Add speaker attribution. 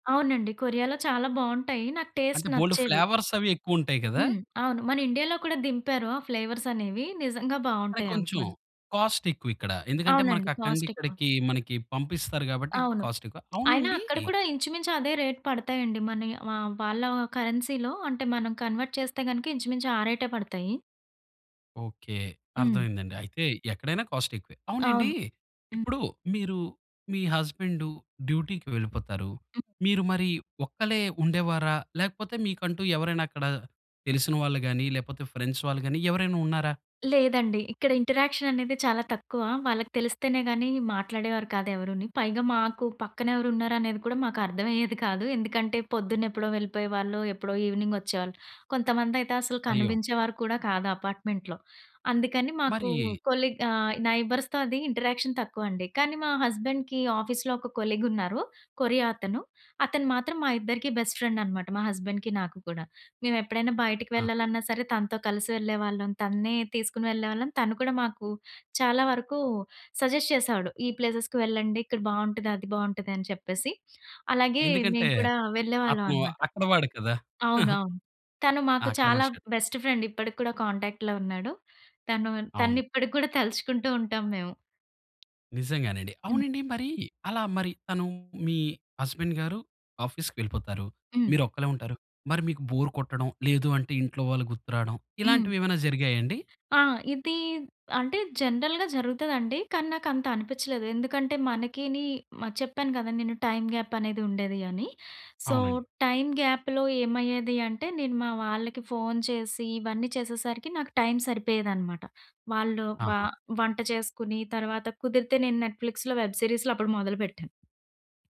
Speaker 1: అవునండి. కొరియాలో చాలా బాగుంటాయి. నాకు టేస్ట్
Speaker 2: అంటే బోల్డు
Speaker 1: నచ్చేవి.
Speaker 2: ఫ్లేవర్స్ అవి ఎక్కువ ఉంటాయి కదా!
Speaker 1: హ్మ్. అవును మన ఇండియా‌లో కూడా దింపారు. ఆ ఫ్లేవర్స్ అనేవి నిజంగా
Speaker 2: కానీ
Speaker 1: బాగుంటాయి అవి
Speaker 2: కొంచెం
Speaker 1: కొన్ని.
Speaker 2: కాస్టెక్కువ ఇక్కడ. ఎందుకంటే మనకు
Speaker 1: అవునండి.
Speaker 2: అక్కడినుండి
Speaker 1: కాస్టెక్కువ.
Speaker 2: ఇక్కడికి మనకి పంపిస్తారు కాబట్టి
Speaker 1: అవును.
Speaker 2: కాస్టెక్కువ.
Speaker 1: అయినా
Speaker 2: అవునండీ
Speaker 1: అక్కడ కూడా ఇంచుమించు అదే రేట్ పడతాయండి. మనయి వ ఆ వాళ్ళ కరెన్సీ‌లో అంటే మనం కన్వర్ట్ చేస్తే గనుక ఇంచుమించు ఆ రేటే పడతాయి.
Speaker 2: ఓకే
Speaker 1: హ్మ్.
Speaker 2: అర్థమైందండి. అయితే ఎక్కడైనా కాస్ట్ ఎక్కువే. అవునండి
Speaker 1: అవును. హ్మ్.
Speaker 2: ఇప్పుడు మీరు మీ హస్బెండు డ్యూటీకి వెళ్ళిపోతారు.
Speaker 1: హ్మ్.
Speaker 2: మీరు మరి ఒక్కలే ఉండేవారా? లేకపోతే మీకంటూ ఎవరైనా అక్కడ తెలిసిన వాళ్ళు గాని లేకపోతే ఫ్రెండ్స్ వాళ్ళు గాని ఎవరైనా ఉన్నారా?
Speaker 1: లేదండి. ఇక్కడ ఇంటరాక్షన్ అనేది చాలా తక్కువ. వాళ్ళకి తెలిస్తేనే గాని మాట్లాడేవారు కాదు ఎవరుని. పైగా మాకు పక్కనెవరున్నారు అనేది కూడా మాకు అర్థమయ్యేది కాదు. ఎందుకంటే పొద్దున్న ఎప్పుడో వెళ్ళిపోయేవాళ్ళు. ఎప్పుడో ఈవినింగ్ వచ్చేవాళ్ళు. కొంతమంది అయితే అసలు
Speaker 2: అయ్యో!
Speaker 1: కనిపించేవారు కూడా కాదు అపార్ట్మెంట్‌లో. అందుకని మాకు
Speaker 2: మరీ
Speaker 1: కొలీగ్ ఆహ్, నై‌బర్స్‌తో అది ఇంటరాక్షన్ తక్కువండి. కానీ మా హస్బెండ్‌కి ఆఫీస్‌లో ఒక కొలీగ్ ఉన్నారు, కొరియా అతను. అతను మాత్రం మా ఇద్దరికి బెస్ట్ ఫ్రెండ్ అనమాట. మా హస్బెండ్‌కి నాకు కూడా. మేము ఎప్పుడైనా బయటకి
Speaker 2: ఆహా!
Speaker 1: వెళ్ళాలన్నా సరే తనతో కలిసి వెళ్ళేవాళ్ళం. తన్నే తీసుకొని వెళ్ళేవాళ్ళం. తను కూడా మాకు చాలా వరకు సజెస్ట్ చేసేవాడు. ఈ ప్లేసెస్‌కి వెళ్ళండి, ఇక్కడ బావుంటది. అది బావుంటది అని చెప్పేసి. అలాగే
Speaker 2: ఎందుకంటే
Speaker 1: మేము కూడా వెళ్ళేవాళ్ళం
Speaker 2: అక్కు
Speaker 1: అనమాట.
Speaker 2: అక్కడ వాడేకదా!
Speaker 1: అవునవును. తను
Speaker 2: ఆ!
Speaker 1: మాకు
Speaker 2: అక్కడ
Speaker 1: చాలా
Speaker 2: మనిష.
Speaker 1: బెస్ట్ ఫ్రెండ్ ఇప్పటిక్కూడా కాంటాక్ట్‌లో ఉన్నాడు. తను తన్ని
Speaker 2: అవును.
Speaker 1: ఇప్పటిక్కూడా తలుచుకుంటూ ఉంటాం మేము.
Speaker 2: నిజంగానండి.
Speaker 1: హ్మ్.
Speaker 2: అవునండి మరి అలా మరి తను మీ హస్బెండ్‌ గారు ఆఫీస్‌కెళ్ళిపోతారు.
Speaker 1: హ్మ్.
Speaker 2: మీరు ఒక్కలే ఉంటారు. మరి మీకు బోర్ కొట్టడం. లేదు అంటే ఇంట్లో వాళ్ళు గుర్తు రావడం.
Speaker 1: హ్మ్.
Speaker 2: ఇలాంటివి ఏమైనా జరిగాయా అండి?
Speaker 1: ఆ! ఇది అంటే జనరల్‌గా జరుగుతదండి. కానీ నాకు అంత అనిపించలేదు, ఎందుకంటే మనకిని, చెప్పాను కదా! నేను టైమ్‌గ్యాప్ అనేది ఉండేది అని. సో,
Speaker 2: అవునండి.
Speaker 1: టైమ్‌గ్యాప్‌లో ఏమయ్యేది అంటే నేను మా వాళ్ళకి ఫోన్ చేసి ఇవన్నీ చేసేసరికి నాకు టైమ్ సరిపోయేదనమాట. వాళ్ళు వ
Speaker 2: ఆహా!
Speaker 1: వంట చేసుకొని, తర్వాత కుదిరితే నేను నెట్‌ఫలిక్స్‌లో వెబ్ సిరీస్‌లో అప్పుడు మొదలుపెట్టాను.